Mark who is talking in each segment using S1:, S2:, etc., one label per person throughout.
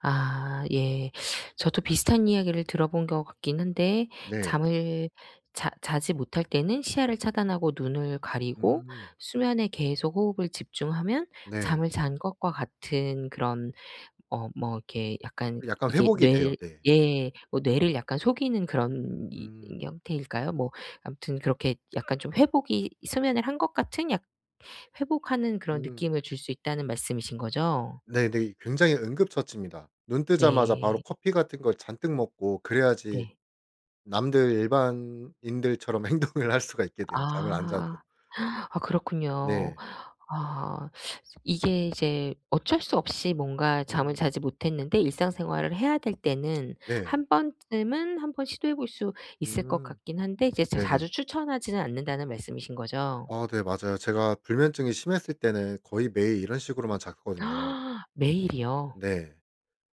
S1: 아 예. 저도 비슷한 이야기를 들어본 것 같긴 한데
S2: 네.
S1: 잠을 자 자지 못할 때는 시야를 차단하고 눈을 가리고
S2: 음.
S1: 수면에 계속 호흡을 집중하면
S2: 네.
S1: 잠을 잔 것과 같은 그런 어 뭐 이렇게 약간
S2: 그 약간
S1: 이게
S2: 회복이
S1: 뇌를
S2: 돼요. 네.
S1: 예 뭐 뇌를 약간 속이는 그런 이
S2: 음.
S1: 형태일까요. 뭐 아무튼 그렇게 약간 좀 회복이 수면을 한 것 같은 약 회복하는 그런
S2: 음.
S1: 느낌을 줄 수 있다는 말씀이신 거죠?
S2: 네네. 굉장히 응급처치입니다. 눈 뜨자마자 바로
S1: 네.
S2: 커피 같은 거 잔뜩 먹고 그래야지
S1: 네.
S2: 남들 일반인들처럼 행동을 할 수가 있게 돼요, 잠을 안 자도.
S1: 아. 아 그렇군요.
S2: 네.
S1: 아. 이제 이게 이제 어쩔 수 없이 뭔가 잠을
S2: 음.
S1: 자지 못했는데 일상생활을 해야 될 때는
S2: 네.
S1: 1 번쯤은 한번 시도해 볼 수 있을 것
S2: 음.
S1: 같긴 한데 이제 자
S2: 네네.
S1: 자주 추천하지는 않는다는 말씀이신 거죠?
S2: 아 네 맞아요. 제가 불면증이 심했을 때는 거의 매일 이런 식으로만 잤거든요.
S1: 매일이요?
S2: 네.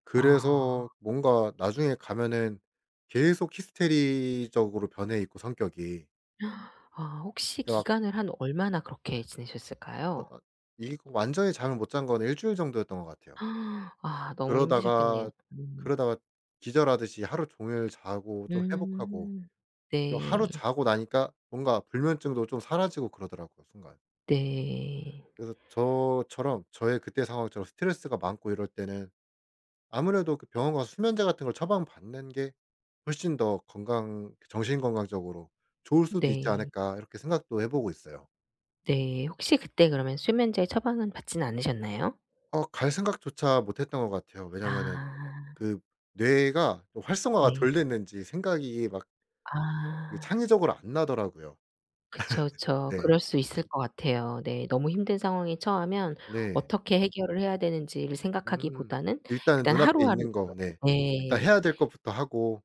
S2: 그래서
S1: 아.
S2: 뭔가 나중에 가면은 계속 히스테리적으로 변해있고 성격이.
S1: 아 혹시
S2: 가
S1: 기간을 한 얼마나 그렇게 지내셨을까요?
S2: 아 이 그 완전히 잠을 못 잔 건 일주일 정도였던 것 같아요.
S1: 아 너무 힘드셨겠네요.
S2: 그러다가
S1: 음.
S2: 그러다가 기절하듯이 하루 종일 자고 좀 회복하고
S1: 음.
S2: 그리고
S1: 네.
S2: 하루 자고 나니까 뭔가 불면증도 좀 사라지고 그러더라고요 순간.
S1: 네.
S2: 그래서 저처럼 저의 그때의 상황처럼 스트레스가 많고 이럴 때는 아무래도 그 병원 가서 수면제 같은 걸 처방받는 게 훨씬 더 건강 그 정신 건강적으로 좋을 수도 있지
S1: 네.
S2: 않을까 이렇게 생각도 해보고 있어요.
S1: 네. 혹시 그때 그러면 수면제 처방은 받진 않으셨나요?
S2: 어 갈 생각조차 못했던 것 같아요. 왜냐면은
S1: 아.
S2: 그 뇌가 활성화가 또 덜
S1: 네.
S2: 됐는지 생각이 막 이
S1: 아.
S2: 창의적으로 안 나더라고요.
S1: 그쵸, 그쵸.
S2: 네.
S1: 그럴 수 있을 것 같아요. 네. 너무 힘든 상황에 처하면
S2: 네.
S1: 어떻게 해결을 해야 되는지를
S2: 음.
S1: 생각하기보다는
S2: 일단은
S1: 일단
S2: 눈앞에
S1: 하루하루
S2: 있는 거 네
S1: [unintelligible]
S2: 일단
S1: 네.
S2: 해야 될 것부터 하고